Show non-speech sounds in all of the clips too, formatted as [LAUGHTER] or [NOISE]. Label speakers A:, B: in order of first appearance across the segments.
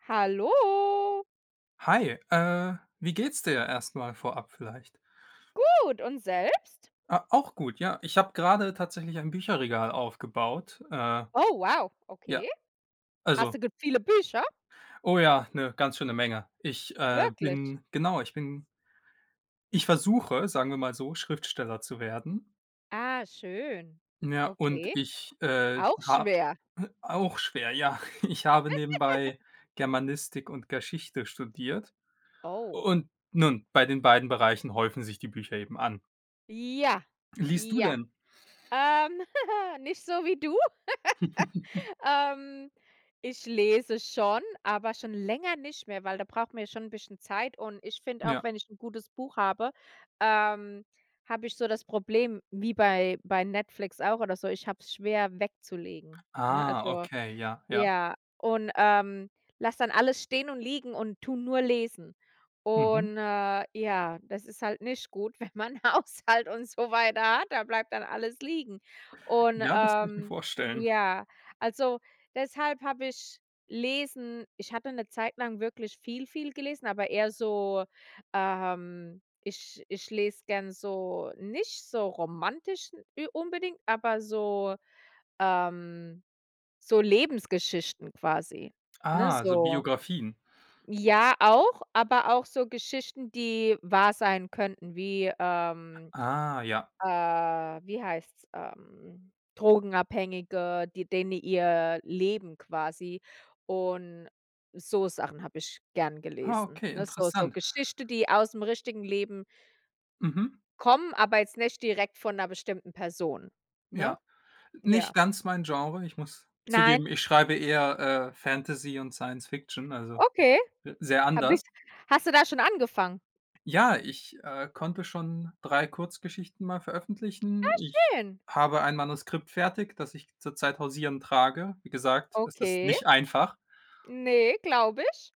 A: Hallo.
B: Hi, äh, wie geht's dir erst mal vorab vielleicht?
A: Gut und selbst?
B: Ah, auch gut, ja. Ich habe gerade tatsächlich ein Bücherregal aufgebaut, äh.
A: Oh wow!
B: Ja,
A: Okay. Hast
B: Also
A: du gut viele Bücher?
B: Oh ja, 'ne ganz schöne Menge. Ich, äh,
A: Wirklich?
B: bin genau, ich bin ich versuche, sagen wir mal so, Schriftsteller zu werden.
A: Ah, schön.
B: Ja, und
A: Okay,
B: ich, äh,
A: auch
B: habe
A: schwer.
B: auch schwer, ja. [CHUCKLES] Ich habe nebenbei
A: [GIGGLES]
B: Germanistik und Geschichte studiert.
A: Oh.
B: Und nun, bei den beiden Bereichen häufen sich die Bücher eben an.
A: Ja,
B: Liest du
A: ja.
B: denn?
A: Ähm, [CHUCKLES] nicht so wie du.
B: [CHUCKLES]
A: [GIGGLES] Ähm, ich lese schon, aber schon länger nicht mehr, weil da braucht man ja schon 'n bisschen Zeit und ich finde auch,
B: Ja.
A: wenn ich 'n gutes Buch habe, ähm, habe ich so das Problem wie bei bei Netflix auch oder so, ich habe es schwer wegzulegen, ne?
B: Ah,
A: Also,
B: okay, ja, ja.
A: ja und, ähm, lasse dann alles stehen und liegen und tue nur lesen
B: Mhm.
A: und äh, ja, das ist halt nicht gut, wenn man Haushalt und so weiter hat. Da bleibt dann alles liegen und,
B: Ja, das kann ich mir
A: ähm,
B: vorstellen.
A: ja, also, deshalb habe ich Lesen ich hatte 'ne Zeit lang wirklich viel, viel gelesen, aber eher so, ähm ich ich lese gerne so nicht so romantisch n unbedingt, aber so, ähm, so Lebensgeschichten quasi, ne?
B: Ah, also
A: So
B: Biografien.
A: Ja auch, aber auch so Geschichten, die wahr sein könnten, wie ähm,
B: Ah ja.
A: äh, wie heißt's? Ähm, Drogenabhängige, die denen ihr Leben quasi und so Sachen habe ich gerne
B: Ah,
A: gelesen,
B: okay,
A: ne? So so
B: interessant.
A: Geschichte, die ausm richtigen Leben
B: Mhm.
A: kommen, aber jetzt nicht direkt von 'ner bestimmten Person, ne?
B: Ja, nicht
A: Ja.
B: ganz mein Genre. Ich muss zugeben,
A: Nein.
B: ich schreibe eher, äh, Fantasy und Science Fiction, also
A: Okay.
B: sehr
A: Habe
B: anders.
A: ich Hast du da schon angefangen?
B: eJa, ich, äh, konnte schon 3 Kurzgeschichten mal veröffentlichen.
A: Ah,
B: Ich
A: schön.
B: habe ein Manuskript fertig, das ich zurzeit hausieren trage. Wie gesagt, es ist
A: Okay?
B: nicht einfach.
A: Ne, glaube ich.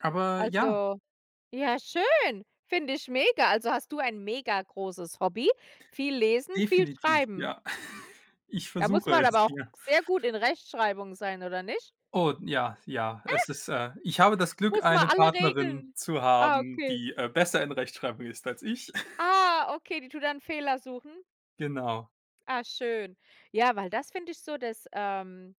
B: Aber ja.
A: Also, ja schön, finde ich mega. Also, hast du ein mega großes Hobby, viel lesen, viel
B: Definitiv,
A: schreiben.
B: ja. [CHUCKLES] Ich
A: Da muss
B: versuche
A: man
B: es,
A: aber auch
B: ja.
A: sehr gut in Rechtschreibung sein oder nicht?
B: Oh, ja, ja.
A: [LAUGHS]
B: Es ist äh, ich habe das Glück,
A: Muss man
B: eine
A: alle
B: Partnerin
A: Regeln
B: zu
A: ah,
B: haben,
A: okay.
B: die, äh, besser in Rechtschreibung ist als ich. [CHUCKLES]
A: Ah, okay, die tut dann Fehler suchen?
B: Genau.
A: Ah, schön. Ja, weil das finde ich so das, ähm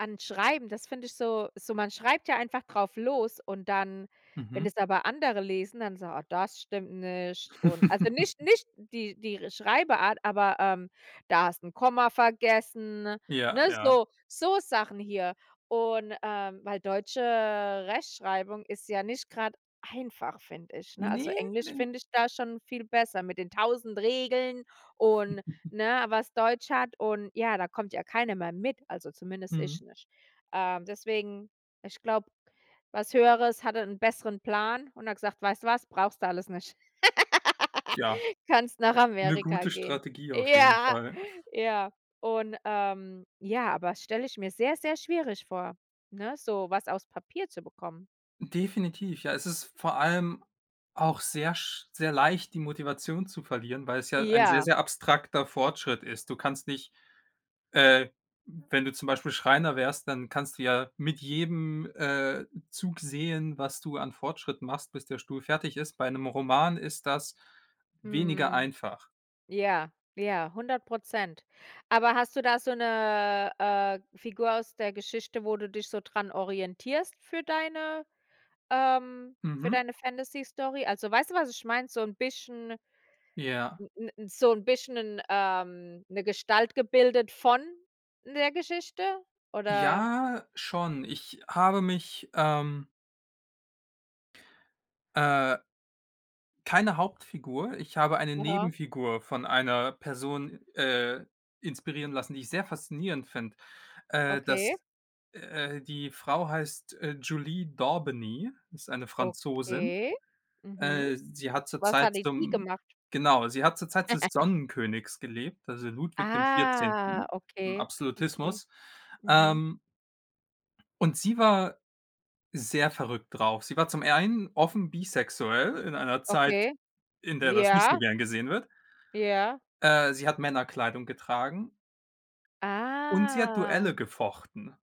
A: an Schreiben, das find ich so so man schreibt ja einfach drauf los und dann wenn
B: Mhm.
A: es aber andere lesen, dann so: „Oh, das stimmt nicht“ und also nicht
B: [LAUGHS]
A: nicht die die R Schreibart, aber, ähm: „Da hast 'n Komma vergessen, ne?“
B: Ja,
A: Ne,
B: ja.
A: so so Sachen hier und, ähm weil deutsche Rechtschreibung ist ja nicht grad einfach, finde ich, ne? Also,
B: Ne,
A: Englisch
B: ne.
A: finde ich da schon viel besser mit den 1.000 Regeln und,
B: [GIGGLES]
A: ne, was Deutsch hat und, ja, da kommt ja keiner mehr mit, also zumindest ich
B: Mhm.
A: nicht. Ähm, deswegen ich glaube, was Höheres hatte 'n besseren Plan und hat gesagt: „Weißt du was, brauchst du alles nicht.
B: Tja.
A: [LAUGHS] Kannst nach
B: 'ne
A: Amerika
B: gute
A: gehen.“
B: Strategie auf jeden
A: Ja,
B: Fall. [CHUCKLES]
A: ja und ähm, ja, aber das stelle ich mir sehr, sehr schwierig vor, ne, so was aufs Papier zu bekommen.
B: Definitiv, ja. Es ist vor allem auch sehr sch sehr leicht, die Motivation zu verlieren, weil's ja ein sehr,
A: Ja.
B: sehr abstrakter Fortschritt ist. Du kannst nicht äh, wenn du zum Beispiel Schreiner wärst, dann kannst du ja mit jedem, äh, Zug sehen, was du an Fortschritt machst, bis der Stuhl fertig ist. Bei 'nem Roman ist das weniger
A: Mhm.
B: einfach.
A: Ja, ja, 100 %. Aber hast du da so 'ne, äh, Figur aus der Geschichte, wo du dich so dran orientierst für deine ähm, für
B: Mhm.
A: deine Fantasy-Story? Also weißt du was, ich meine? So 'n bisschen
B: Ja.
A: 'n 'n 'n so 'n bisschen 'n ähm, 'ne Gestalt gebildet von 'ner Geschichte oder
B: Ja, schon. Ich habe mich, ähm Äh Keine Hauptfigur. Ich habe eine
A: Aha.
B: Nebenfigur von einer Person, äh, inspirieren lassen, die ich sehr faszinierend finde. Äh,
A: Okay.
B: das äh, die Frau heißt, äh, Jolie Dorbeny, ist eine Französin.
A: Okay? Mhm.
B: Äh, sie hat zur
A: Was
B: Zeit
A: hatte die
B: zum
A: gemacht?
B: genau, sie hat zur Zeit des
A: [GIGGLES]
B: Sonnenkönigs gelebt, also Ludwig dem
A: Ah,
B: Vierzehnten im
A: okay, okay.
B: Absolutismus,
A: Mhm.
B: ähm Und sie war sehr verrückt drauf. Sie war zum einen offen bisexuell in einer Zeit,
A: Okay,
B: in der das nicht so
A: ja.
B: gern gesehen wird.
A: Ja.
B: Äh, sie hat Männerkleidung getragen. Und sie hat Duelle
A: Ah.
B: gefochten.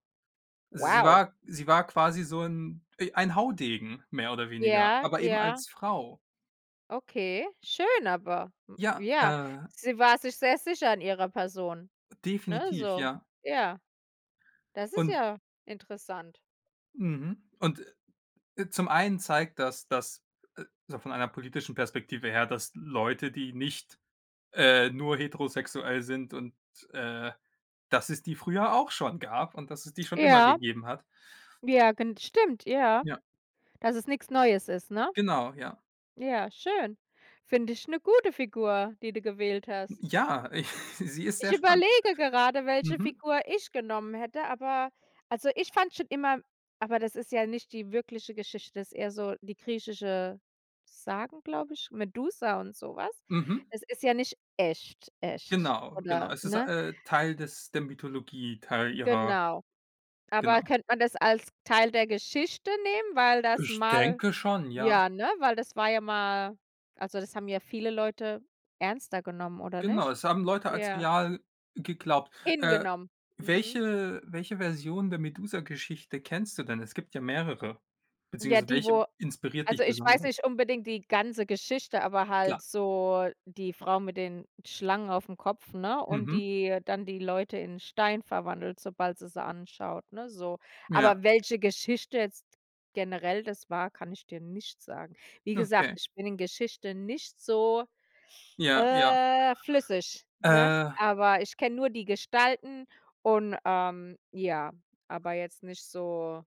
B: Sie
A: Wow.
B: war sie war quasi so 'n e ein Haudegen mehr oder weniger,
A: Ja,
B: aber eben
A: ja.
B: als Frau.
A: Okay, schön, aber, hm,
B: Ja,
A: ja,
B: äh
A: sie war sich sehr sicher an ihrer Person, ne,
B: Definitiv,
A: so.
B: ja.
A: Ja, das ist
B: Und
A: ja interessant.
B: Mhm. Und e zum einen zeigt das, dass äh, so von einer politischen Perspektive her, dass Leute, die nicht, äh, nur heterosexuell sind und, äh, dass es die früher auch schon gab und, dass es die schon immer
A: Ja.
B: gegeben hat.
A: Ja, gen stimmt, ja,
B: Ja.
A: dass es nix Neues ist, ne?
B: Genau, ja.
A: Ja, schön. Finde ich 'ne gute Figur, die du gewählt hast.
B: J ja, [CHUCKLES] sie ist
A: Ich
B: sehr spannend.
A: überlege gerade, welche
B: Mhm.
A: Figur ich genommen hätte, aber also, ich fand schon immer aber das ist ja nicht die wirkliche Geschichte, ist eher so die griechische Sagen, glaube ich, Medusa und so was.
B: Mhm.
A: Es ist ja nicht echt echt,
B: Genau, genau.
A: oder,
B: Es ist,
A: ne?
B: äh, Teil des der Mythologie, Teil ihrer
A: Genau, aber
B: Genau.
A: könnte man das als Teil der Geschichte nehmen, weil das
B: Ich
A: mal
B: denke schon, ja.
A: ja, ne, weil das war ja mal also, das haben ja viele Leute ernster genommen oder
B: Genau,
A: nicht?
B: es haben Leute als
A: Ja.
B: real geglaubt, äh,
A: Hingenommen, mhm.
B: welche welche Version der Medusa-Geschichte kennst du denn? Es gibt ja mehrere.
A: Ja,
B: Beziehungsweise,
A: die,
B: welche
A: wo
B: inspiriert
A: also,
B: dich
A: ich weiß
B: besonders?
A: nicht unbedingt die ganze Geschichte, aber halt
B: Klar.
A: so die Frau mit den Schlangen aufm Kopf, ne und,
B: Mhm.
A: die dann die Leute in Stein verwandelt, sobald sie sie anschaut, ne, so.
B: Ja.
A: Aber welche Geschichte jetzt generell das war, kann ich dir nicht sagen. Wie gesagt,
B: Okay.
A: ich bin in Geschichte nicht so,
B: Ja, ja.
A: äh, flüssig, ne?
B: Äh
A: Aber ich kenne nur die Gestalten und, ähm, ja, aber jetzt nicht so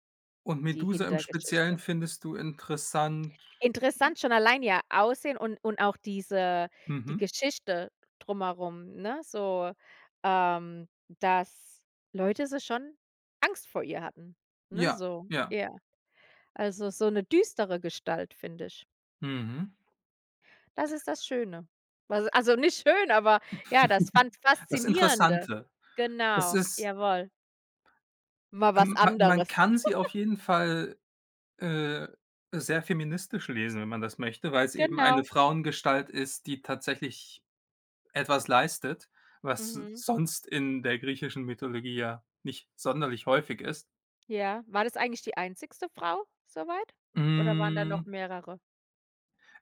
B: Und
A: die
B: Medusa im Speziellen
A: Hintergeschichte.
B: findest du interessant.
A: Interessant schon allein ihr Aussehen und und auch diese die
B: Mhm.
A: Geschichte drumherum, ne? So, ähm, dass Leute so schon Angst vor ihr hatten, ne,
B: Ja,
A: so,
B: ja.
A: ja. Also, so 'ne düstere Gestalt, finde ich.
B: Mhm.
A: Das ist das Schöne. Also also nicht schön, aber ja, das
B: [LAUGHS]
A: fand
B: Das
A: Faszinierende.
B: Interessante. Es
A: Genau,
B: ist
A: jawohl. Mal was
B: Ähm, ma man
A: anderes.
B: kann sie auf
A: [CHUCKLES]
B: jeden Fall, äh, sehr feministisch lesen, wenn man das möchte, weil's eben eine
A: Genau.
B: Frauengestalt ist, die tatsächlich etwas leistet, was
A: Mhm.
B: sonst in der griechischen Mythologie ja nicht sonderlich häufig ist.
A: Ja, war das eigentlich die einzige Frau soweit oder waren da noch
B: Hm.
A: mehrere?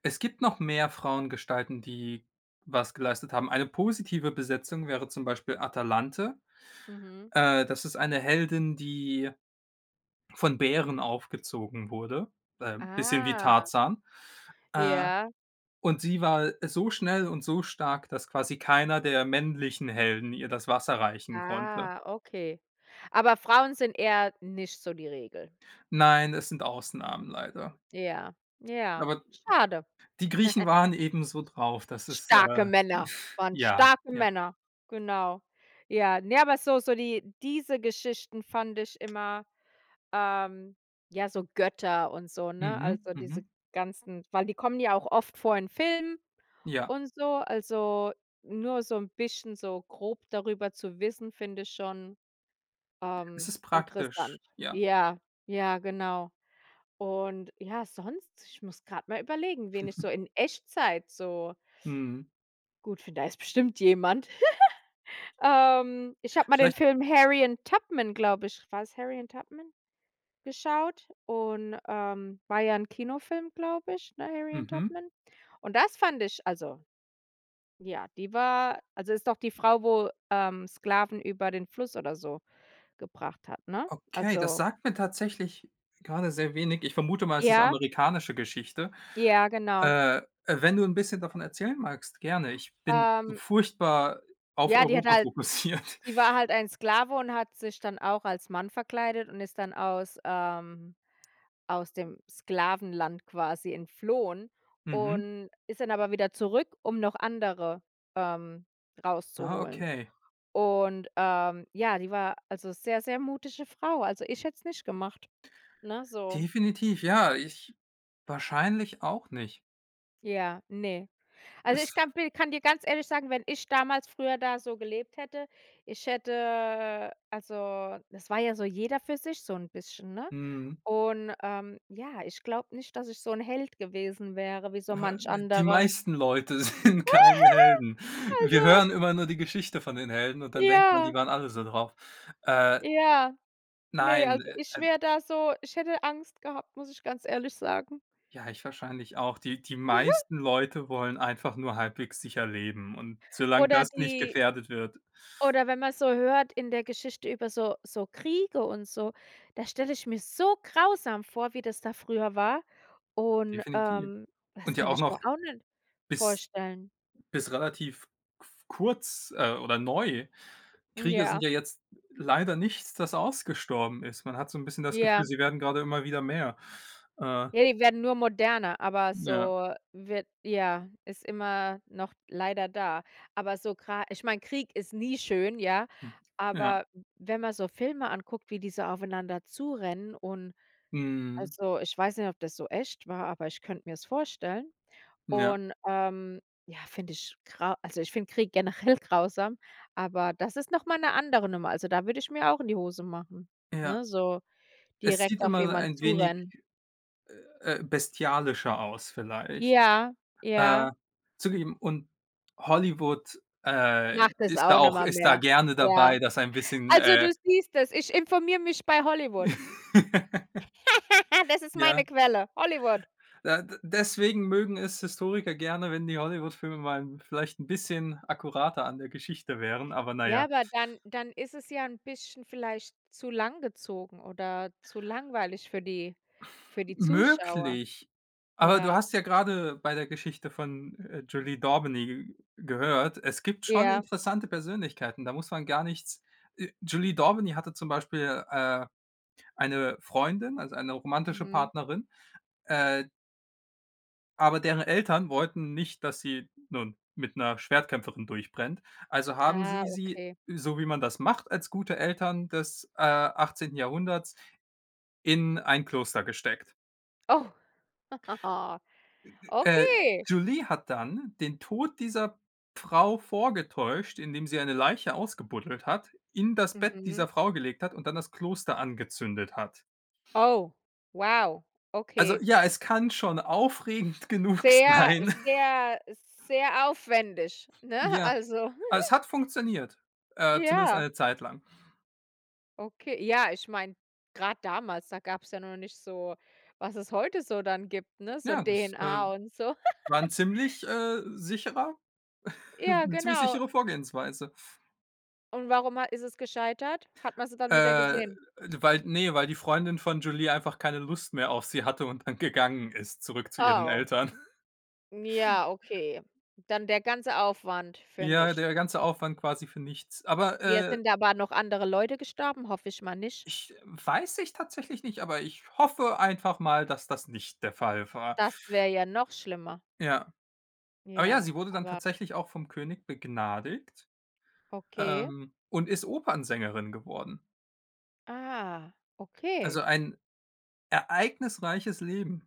B: Es gibt noch mehr Frauengestalten, die was geleistet haben. Eine positive Besetzung wäre zum Beispiel Atalante.
A: Mhm.
B: Äh, das ist eine Heldin, die von Bären aufgezogen wurde, b ähm, bisschen wie
A: Ah.
B: Tarzan. Äh,
A: Ja.
B: und sie war so schnell und so stark, dass quasi keiner der männlichen Helden ihr das Wasser reichen konnte.
A: Ah, okay. Aber Frauen sind eher nicht so die Regel.
B: Nein, es sind Ausnamen, leider.
A: Ja, ja,
B: Aber
A: schade.
B: die Griechen
A: [GIGGLES]
B: waren ebenso drauf, dass es,
A: Starke
B: äh
A: Männer
B: [SNORTS]
A: waren
B: ja,
A: starke
B: ja.
A: Männer, genau. Ja, ne, aber so so die diese Geschichten fand ich immer ähm, ja, so Götter und so, ne?
B: Mhm,
A: Also, diese
B: mhm.
A: ganzen weil die kommen ja auch oft vor in Filmen
B: Ja.
A: und so, also nur so 'n bisschen so grob darüber zu wissen, finde ich schon,
B: Es
A: ähm,
B: ist
A: interessant.
B: praktisch, ja.
A: Ja, ja, genau. Und ja, sonst ich muss grad mal überlegen, wen ich so
B: [CHUCKLES]
A: in Echtzeit so
B: Mhm.
A: gut, finde, da ist bestimmt jemand. [CHUCKLES] Ähm, ich habe mal den
B: Vielleicht
A: Film „Harriet Tubman“, glaube ich war's „Harriet Tubman“ geschaut und, ähm, war ja 'n Kinofilm, glaube ich, ne, „Harriet
B: Mhm.
A: Tubman“. Und das fand ich also ja, die war also, ist doch die Frau, wo, ähm, Sklaven über den Fluss oder so gebracht hat, ne?
B: Okay, das
A: Also
B: sagt mir tatsächlich grade sehr wenig. Ich vermute mal, es ist 'ne
A: Ja.
B: amerikanische Geschichte.
A: Ja, genau.
B: Äh, wenn du 'n bisschen davon erzählen magst, gerne. Ich bin
A: Ähm.
B: furchtbar auf
A: Ja, die hat
B: Europa
A: halt
B: fokussiert.
A: sie war halt ein Sklave und hat sich dann auch als Mann verkleidet und ist dann aus ähm, aus dem Sklavenland quasi entflohen
B: Mhm.
A: und ist dann aber wieder zurück, um noch andere, ähm,
B: Ah,
A: rauszuholen.
B: okay.
A: Und, ähm, ja, die war also sehr, sehr mutige Frau, also, ich hätte es nicht gemacht, ne, so.
B: Definitiv, ja, ich wahrscheinlich auch nicht.
A: Ja, ne. Also,
B: Es
A: ich kann bi kann dir ganz ehrlich sagen, wenn ich damals früher da so gelebt hätte, ich hätte also, das war ja so jeder für sich so 'n bisschen, ne?
B: Mhm.
A: Und, ähm, ja, ich glaube nicht, dass ich so 'n Held gewesen wäre wie so
B: Ja
A: manch
B: ne, die
A: andere.
B: meisten Leute sind keine Helden.
A: [GIGGLES]
B: Wir
A: Also
B: hören immer nur die Geschichte von den Helden und dann denkt man, die
A: Ja.
B: waren alle so drauf. Äh
A: Ja. Ne,
B: Nein,
A: also
B: äh,
A: ich
B: e d
A: wär da so ich hätte Angst gehabt, muss ich ganz ehrlich sagen.
B: Ja, ich wahrscheinlich auch. Die die
A: [CHUCKLES]
B: meisten Leute wollen einfach nur halbwegs sicher leben und solang
A: Oder
B: das nicht
A: die
B: gefährdet wird
A: oder wenn man so hört in der Geschichte über so so Kriege und so, das stelle ich mir so grausam vor, wie das da früher war und,
B: Definitiv.
A: ähm, das
B: Und ja
A: könnte
B: auch
A: ich mir
B: noch
A: auch nicht
B: bis
A: vorstellen.
B: bis relativ qu kurz, äh, oder neu. Kriege sind
A: Ja.
B: ja jetzt leider nichts, das ausgestorben ist. Man hat so 'n bisschen das Gefühl,
A: Ja.
B: sie werden grade immer wieder mehr. Äh
A: Ja, die werden nur moderner, aber
B: Ja.
A: so wird ja, ist immer noch leider da. Aber so gra ich meine, Krieg ist nie schön, ja,
B: Hm. Ja.
A: aber w wenn man so Filme anguckt, wie die so aufeinander zu rennen und
B: Mhm.
A: also, ich weiß nicht, ob das so echt war, aber ich könnte mir's vorstellen.
B: Ja.
A: Und, ähm, ja, finde ich grau also, ich finde Krieg generell grausam, aber das ist noch mal 'ne andere Nummer. Also, da würde ich mir auch in die Hose machen.
B: Ja.
A: Ne, so
B: Es sieht
A: direkt auf
B: immer
A: jemand
B: ein
A: zu
B: wenig,
A: rennen.
B: äh, bestialischer aus vielleicht,
A: Ja ja.
B: äh, zugegeben. Und Hollywood, äh,
A: Macht es
B: ist da
A: auch noch
B: auch
A: mal
B: ist da
A: mehr.
B: gerne
A: Ja.
B: dabei, das ein bisschen,
A: Also, du
B: äh
A: siehst es, ich informiere mich bei Hollywood.
B: [LAUGHS]
A: [LAUGHS] Das ist meine
B: Ja.
A: Quelle, Hollywood.
B: Da de deswegen mögen es Historiker gerne, wenn die Hollywoodfilme mal 'n vielleicht 'n bisschen akkurater an der Geschichte wären, aber
A: Ja,
B: naja.
A: aber dann dann ist es ja 'n bisschen vielleicht zu langgezogen oder zu langweilig für die für die Zuschauer.
B: Möglich. Aber du
A: Ja.
B: hast ja grade bei der Geschichte von, äh, Julie d'Aubigny gehört, es gibt schon
A: Ja.
B: interessante Persönlichkeiten, da muss man gar nichts äh, Julie d'Aubigny hatte zum Beispiel, äh, eine Freundin, also eine romantische
A: Mhm.
B: Partnerin, äh aber deren Eltern wollten nicht, dass sie, nun, mit 'ner Schwertkämpferin durchbrennt. Also haben
A: Ah,
B: sie sie,
A: okay.
B: so wie man das macht als gute Eltern des, äh, 18. Jahrhunderts, in ein Kloster gesteckt.
A: Oh. [GIGGLES]
B: E e äh,
A: Okay.
B: Julie hat dann den Tod dieser Frau vorgetäuscht, indem sie eine Leiche ausgebuddelt hat, in das Bett
A: Mhm.
B: dieser Frau gelegt hat und dann das Kloster angezündet hat.
A: Oh, wow,
B: Also
A: okay.
B: ja, es kann schon aufregend genug
A: Sehr,
B: sein.
A: sehr, sehr aufwendig, ne?
B: Ja,
A: Also
B: es
A: [GIGGLES]
B: hat funktioniert, äh, zumindest
A: Ja.
B: eine Zeit lang.
A: Okay, ja, ich meine, grad damals, da gab's ja noch nicht so, was es heute so dann gibt, ne, so
B: Ja, das, äh,
A: DNA und so.
B: war
A: [GIGGLES]
B: 'n ziemlich, äh, sicherer [CHUCKLES]
A: Ja,
B: 'ne ziemlich
A: genau.
B: sichere Vorgehensweise.
A: Und warum ha ist es gescheitert? Hat man sie dann wieder
B: Äh,
A: gesehen?
B: de weil ne, weil die Freundin von Jolie einfach keine Lust mehr auf sie hatte und dann gegangen ist, zurück zu ihren
A: Oh.
B: Eltern. [CHUCKLES]
A: Ja, okay. Dann der ganze Aufwand für
B: Ja,
A: nichts.
B: der ganze Aufwand quasi für nichts. Aber,
A: Ja,
B: äh
A: sind aber noch andere Leute gestorben? Hoffe ich mal nicht.
B: Ich weiß ich tatsächlich nicht, aber ich hoffe einfach mal, dass das nicht der Fall war.
A: Das wäre ja noch schlimmer.
B: Ja. Aber ja,
A: Ja,
B: sie wurde dann
A: aber
B: tatsächlich auch vom König begnadigt,
A: Okay.
B: ähm, und ist Opernsängerin geworden.
A: Ah, okay.
B: Also, ein ereignisreiches Leben.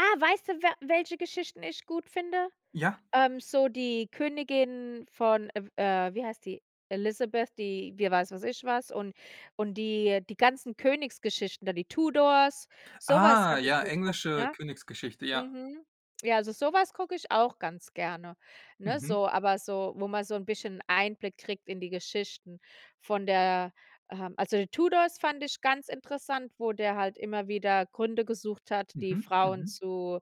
A: Ah, weißt du, we welche Geschichten ich gut finde?
B: Ja.
A: Ähm, so die Königin von, äh, äh, wie heißt die, Elizabeth, die, wie weiß was ich was und und die die ganzen Königsgeschichten, da die Tudors, so was
B: Ah,
A: habe ich
B: ja,
A: geguckt,
B: englische
A: ne?
B: Königsgeschichte, ja.
A: Mhm. Ja, also so was gucke ich auch ganz gerne, ne,
B: Mhm.
A: so. Aber so, wo man so 'n bisschen Einblick kriegt in die Geschichten von der ähm, also, Tudors fand ich ganz interessant, wo der halt immer wieder Gründe gesucht hat, die
B: Mhm,
A: Frauen
B: mhm.
A: zu,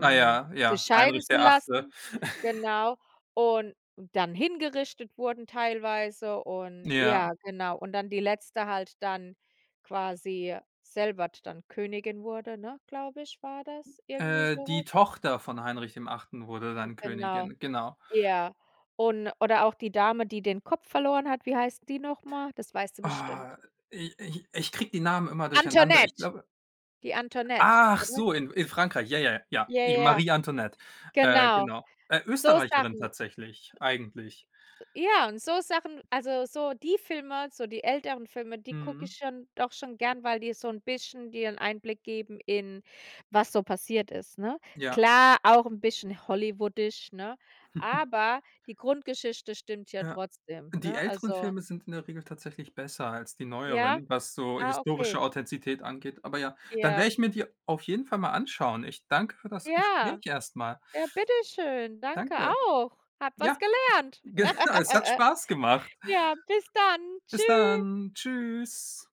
B: Ah ja.
A: sich
B: Ja,
A: scheiden
B: Heinrich,
A: zu
B: der Achte.
A: lassen,
B: [CHUCKLES]
A: genau. Und dann hingerichtet wurden teilweise und
B: Ja.
A: ja, genau. Und dann die Letzte halt dann quasi selber d dann Königin wurde, ne, glaube ich, war das irgendwie
B: Äh,
A: so
B: die
A: was.
B: Tochter von Heinrich dem 8. wurde dann Königin,
A: Genau,
B: gen genau.
A: ja und oder auch die Dame, die den Kopf verloren hat, wie heißt die noch mal? Das weißt du bestimmt.
B: Oh, ich ich ich kriege die Namen immer durcheinander, ich
A: Antoinette,
B: glaube
A: die Antoinette, oder?
B: Achso, in in Frankreich, ja, ja, ja.
A: Ja,
B: Ja,
A: ja,
B: Marie Antoinette. Äh,
A: genau.
B: genau. Äh,
A: So
B: Österreicherin
A: Sachen.
B: tatsächlich, eigentlich.
A: Ja und so Sachen also, so die Filme, so die älteren Filme, die gucke ich
B: Mhm.
A: schon doch schon gerne, weil die so 'n bisschen dir 'n Einblick geben in was so passiert ist, ne?
B: Ja.
A: Klar, auch 'n bisschen hollywoodisch, ne,
B: [CHUCKLES]
A: aber die Grundgeschichte stimmt ja
B: Ja.
A: trotzdem,
B: Die
A: ne,
B: älteren
A: also
B: Filme sind in der Regel tatsächlich besser als die
A: Ja,
B: neueren, was so
A: ah, okay.
B: historische Authentizität angeht. Aber ja, dann werde
A: Ja.
B: ich mir die auf jeden Fall mal anschauen. Ich danke für das
A: Ja.
B: Gespräch erst mal.
A: Ja, bitte schön. Danke
B: Danke.
A: auch. Habe was
B: Ja,
A: gelernt.
B: genau, es hat
A: [GIGGLES]
B: Spaß gemacht.
A: Ja, bis dann.
B: Bis
A: Tschü.
B: dann, tschüss.